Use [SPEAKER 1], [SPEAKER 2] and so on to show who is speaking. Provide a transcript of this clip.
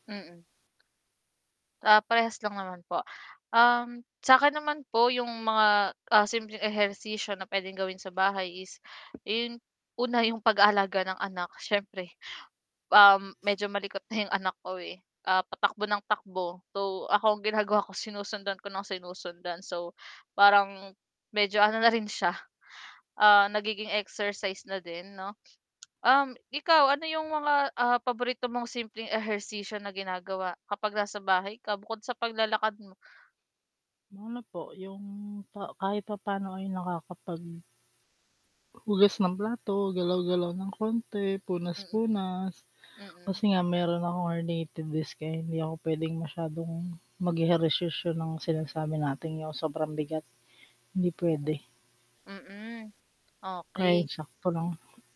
[SPEAKER 1] Mm. Ah, parehas lang naman po. Sa'kin naman po, yung mga, ah, simpleng ehersisyo na pwedeng gawin sa bahay is yung una, yung pag-aalaga ng anak syyempre, um, medyo malikot na yung anak ko eh, ah, patakbo ng takbo, so, ako ang ginagawa ko sinusundan ko nang sinusundan. So, parang medyo ano na rin siya, ah, nagiging exercise na din 'no. Um, ikaw ano yung mga, ah, paborito mong simpleng ehersisyo na ginagawa kapag nasa bahay ka, bukod sa paglalakad mo?
[SPEAKER 2] Ano po yung pa kahit papaano ay nakakapag hugas ng plato, galaw-galaw ng konti,
[SPEAKER 1] Mm.
[SPEAKER 2] punas-punas.
[SPEAKER 1] Mm.
[SPEAKER 2] Kasi nga meron akong herniated disc 'di ako pwedeng masyadong mag-ehersisyo ng sinasabi nating yung sobrang bigat, hindi pwede.
[SPEAKER 1] Mm,
[SPEAKER 2] Kaya
[SPEAKER 1] okey.
[SPEAKER 2] yung sakto lang.